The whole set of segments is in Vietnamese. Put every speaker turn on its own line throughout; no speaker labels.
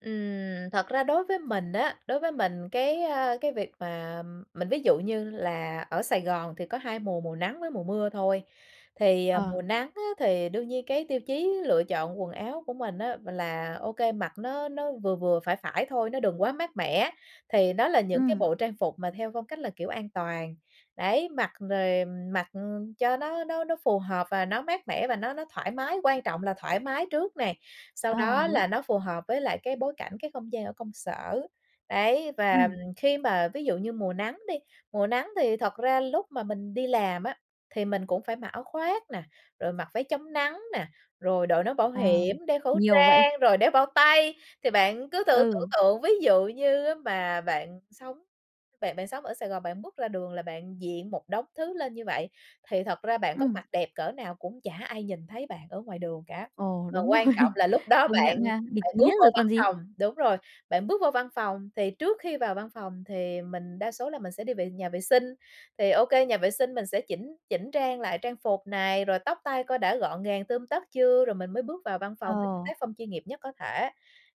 Ừm, thật ra đối với mình á, đối với mình cái, a, cái việc mà mình ví dụ như là ở Sài Gòn thì có 2 mùa, mùa nắng với mùa mưa thôi, thì, ờ,
Ờ.
mùa nắng á, thì đương nhiên cái tiêu chí lựa chọn quần áo của mình á, là OK, mặc nó nó vừa vừa, phải phải thôi, nó đừng quá mát mẻ, thì đó là những cái
Ừm.
bộ trang phục mà theo phong cách là, kiểu, an toàn. Đấy, mặc rồi mặc cho nó nó nó phù hợp và nó mát mẻ và nó nó thoải mái, quan trọng là thoải mái trước nè, sau
À,
đó
đúng!
là nó phù hợp với lại cái bối cảnh, cái không gian ở công sở. Đấy, và
Ừm.
khi mà, ví dụ như, mùa nắng đi, mùa nắng thì thật ra lúc mà mình đi làm á, thì mình cũng phải mặc áo khoác nè, rồi mặc váy chống nắng nè, rồi đội nón bảo
À,
hiểm, đeo khẩu
nhiều vậy?
trang, rồi đeo bao tay. Thì bạn cứ thử tưởng
Ừ.
tượng ví dụ như á mà bạn sống bạn bạn sống ở Sài Gòn, bạn bước ra đường là bạn diện một đống thứ lên như vậy, thì thật ra bạn có
Ừm.
mặc đẹp cỡ nào cũng chả ai nhìn thấy bạn ở ngoài đường cả,
Ồ,
mà
đúng
quan trọng
rồi.
là lúc đó
Công
bạn
nhận ha, bịt
bạn
kín
bước
hết
vô
rồi
văn
còn gì?
phòng đúng rồi, bạn bước vô văn phòng thì trước khi vào văn phòng thì mình đa số là mình sẽ đi vệ nhà vệ sinh, thì OK, nhà vệ sinh mình sẽ chỉnh chỉnh trang lại trang phục này, rồi tóc tai coi đã gọn gàng tươm tất chưa, rồi mình mới bước vào văn phòng với cái
Ồ.
tác phong chuyên nghiệp nhất có thể.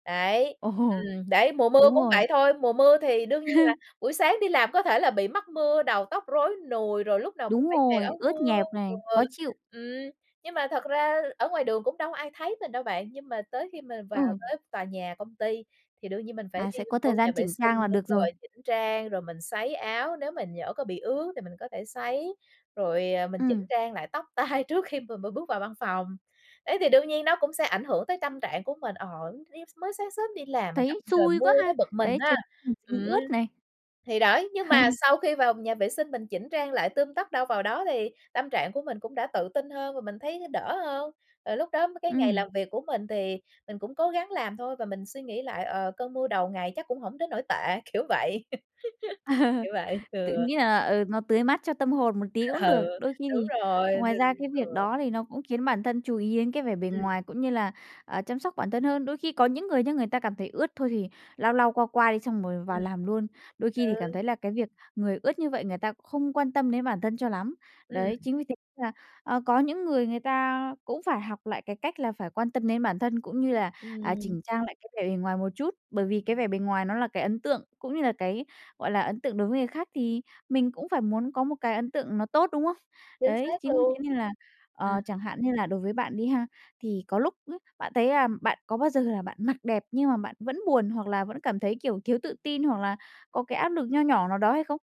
Đấy,
Ồ.
ừm, đấy, mùa mưa
Đúng
cũng
rồi.
vậy thôi, mùa mưa thì đương nhiên là buổi sáng đi làm có thể là bị mắc mưa, đầu tóc rối nùi, rồi lúc nào cũng
Đúng
phải kè
rồi,
áo
ướt
mưa,
nhẹp này,
ừ,
khó chịu.
ừm. Nhưng mà thật ra ở ngoài đường cũng đâu có ai thấy mình đâu bạn, nhưng mà tới khi mà vào
Ừ.
tới tòa nhà công ty thì đương nhiên mình phải
À,
đi
sẽ có
vô
thời gian
nhà vệ
chỉnh trang là
sinh đúng
được rồi.
rồi, chỉnh trang rồi mình sấy áo, nếu mình nhỡ có bị ướt thì mình có thể sấy, rồi, à, mình chỉnh
Ừm.
trang lại tóc tai trước khi mà mà bước vào văn phòng. Đấy, thì đương nhiên nó cũng sẽ ảnh hưởng tới tâm trạng của mình, ờ, tự nhiên sao mới sáng sớm đi làm mình gặp
Thấy
trời
xui
mưa
quá ha,
tới bực mình
đấy
ha
[unintelligible]
ừm,
ướt này.
thì đấy, nhưng mà sau khi vào nhà vệ sinh mình chỉnh trang lại tươm tất đâu vào đó, thì tâm trạng của mình cũng đã tự tin hơn và mình thấy đỡ hơn. Rồi lúc đó cái ngày
Ừm.
làm việc của mình thì mình cũng cố gắng làm thôi và mình suy nghĩ lại, ờ, cơn mưa đầu ngày chắc cũng hổng đến nỗi tệ, kiểu vậy. Kiểu vậy
Tự
ừ.
nghĩ là, ờ, nó tưới mát cho tâm hồn một tí cũng được,
Ừ,
đôi khi
đúng
thì
rồi, thì
ngoài ra cái
ừ.
việc đó thì nó cũng khiến bản thân chú ý đến cái vẻ bề
Ừm.
ngoài cũng như là, à, chăm sóc bản thân hơn. Đôi khi có những người nha, người ta cảm thấy ướt thôi thì lau lau, qua qua đi xong rồi vào
Ừm.
làm luôn, đôi khi thì cảm
Ừ.
thấy là cái việc người ướt như vậy người ta không quan tâm đến bản thân cho lắm.
Ừm.
Đấy, chính vì thế nên là, ờ, có những người người ta cũng phải học lại cái cách là phải quan tâm đến bản thân cũng như là, à,
Ừm.
chỉnh trang lại cái vẻ bề ngoài một chút, bởi vì cái vẻ bề ngoài nó là cái ấn tượng cũng như là cái, gọi là, ấn tượng đối với người khác, thì mình cũng phải muốn có một cái ấn tượng nó tốt, đúng không?
Chính
Đấy,
xác
chính vì thế
luôn,
nên là, ờ,
ừm.
chẳng hạn như là đối với bạn đi ha, thì có lúc ấy, bạn thấy là bạn có bao giờ là bạn mặc đẹp nhưng mà bạn vẫn buồn, hoặc là vẫn cảm thấy, kiểu, thiếu tự tin, hoặc là có cái áp lực nho nhỏ nào đó hay không?